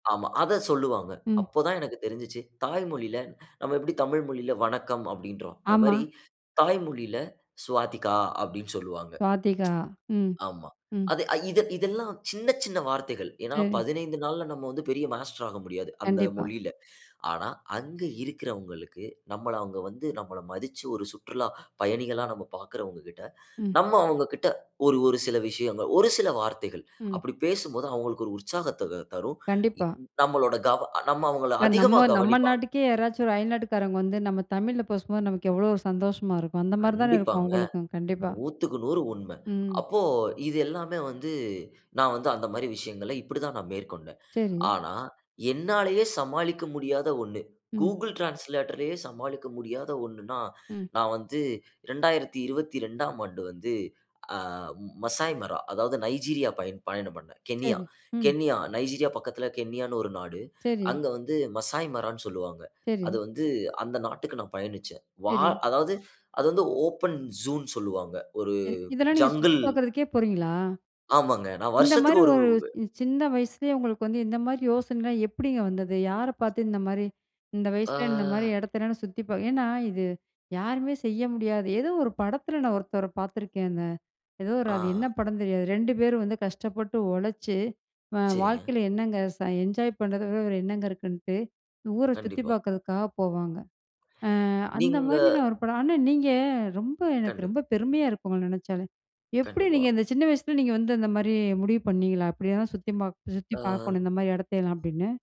ஆமா, அத சொல்லுவாங்க. ம். அப்போ தான் எனக்கு தெரிஞ்சுச்சு, தாய் மொழியில நம்ம எப்படி தமிழ் மொழியில 'வணக்கம்' அப்படீன்றோம். அது ஆமா. மாரி தாய் மொழியில 'சுவாதிகா' அப்படீன்னு சொல்லுவாங்க. சுவாதிகா. ம். ஆமா. ம். அது அ இது இதெல்லாம் சின்ன, சின்ன வார்த்தைகள். ஏன்னா சரி. 1 5 நாள்ல நம்ம வந்து பெரிய மாஸ்டர் ஆக முடியாது, அந்த கண்டிப்பா. மொழியில. ஆனா அங்கு இருக்கறவங்களுக்கு, நம்மள அவங்க வந்து நம்மள மதிச்சு, ஒரு சுற்றுலா பயணிகளா நம்ம பார்க்கிறவங்க கிட்ட, ம். நம்ம அவங்க கிட்ட ஒரு ஒரு சில விஷயங்கள், ஒரு சில வார்த்தைகள், ம். அப்படி பேசும்போது அவங்களுக்கு ஒரு உற்சாகத்த வ தரும். கண்டிப்பா. நம்மளோட கவ நம்ம அவங்கள இப்ப அதிகமா நம்ம, நம்ம கவனிப்பாங்க. நாட்டுக்கே, யாராச்சும் ஒரு அயல்நாட்டுக்காரங்க வந்து நம்ம தமிழ்ல பேசும்போது நமக்கு எவ்வளோ ஒரு சந்தோஷமா இருக்கும். அந்த மாரி தான இருக்கும் கண்டிப்பாங்க. அவங்களுக்கும். கண்டிப்பா. 100க்கு 100 உண்ம. ம். அப்போ இது எல்லாமே வந்து நா வந்து அந்த மாரி விஷயங்கள இப்படி தான் நா மேற்கொண்டேன். சரி. ஆனா என்னாலேயே சமாளிக்க முடியாத ஒண்ணு, ம். Google டிரான்ஸ்லேட்டர்லேயே சமாளிக்க முடியாத ஒண்ணுன்னா, ம். நா வந்து 2022ஆம் ஆண்டு வந்து ஆ மசாய்மரா அதாவது நைஜீரியா பயண் பயணம் பண்ணேன். கென்யா, சரி, ம். கென்யா, நைஜீரியா பக்கத்தில கென்யான்னு ஒரு நாடு. சரி. அங்க வந்து மசாய்மரான்னு சொல்லுவாங்க. சரி. அது வந்து அந்த நாட்டுக்கு நா பயணிச்சேன். வா சரி. அதாவது அது வந்து ஓப்பன் ஜூன்னு சொல்லுவாங்க. ஒரு சரி. இதெல்லாம் நீங்க சுத்தி ஜங்குள் பார்க்குறதுக்கே போறீங்களா? ஆமாங்க. நான் இந்த வருஷத்துக்கு மாரி ஒரு ஒரு உவே ச் சின்ன வயசுலேயே உங்களுக்கு வந்து இந்த மாரி யோசனைலாம் எப்படிங்க வந்தது? யார பார்த்து இந்த மாரி, 'இந்த வயசுல இந்த மாரி ஆ. இடத்தயல்லாம் நா சுத்தி பா' ஏன்னா இது யாருமே செய்ய முடியாது. ஏதோ ஒரு படத்துல நா ஒருத்தவர பார்த்துருக்கேங்க. எதோ ஒரு அது என்ன ஆ. படம்ன்னு தெரியாது. 2 பேரும் வந்து கஷ்டப்பட்டு உழைச்சு, அ சரிங்க. வாழ்க்கையில என்னங்க ச என்ஜாய் பண்றத விட வேற என்னங்க இருக்குன்ட்டு, ஊரை சுத்திப் கண்டிப்பா. பார்க்கிறதுக்காக போவாங்க. அ அந்த நீங்க மாரி நா 1 படம் ஆனா, நீங்க ரொம்ப எனக்கு கண்டு ரொம்ப பெருமையா இருக்கு உங்கள நெனைச்சாலே. எப்படி கண்டிப்பா. நீங்க இந்த சின்ன வயசுல நீங்க வந்து இந்த மாரி முடிவு பண்ணீங்களா? "இப்படியெல்லாம் சுத்தி மாக் சுத்தி ஆம். பார்க்கணும் இந்த மாரி இடத்தயல்லாம்." அப்படீன்னு.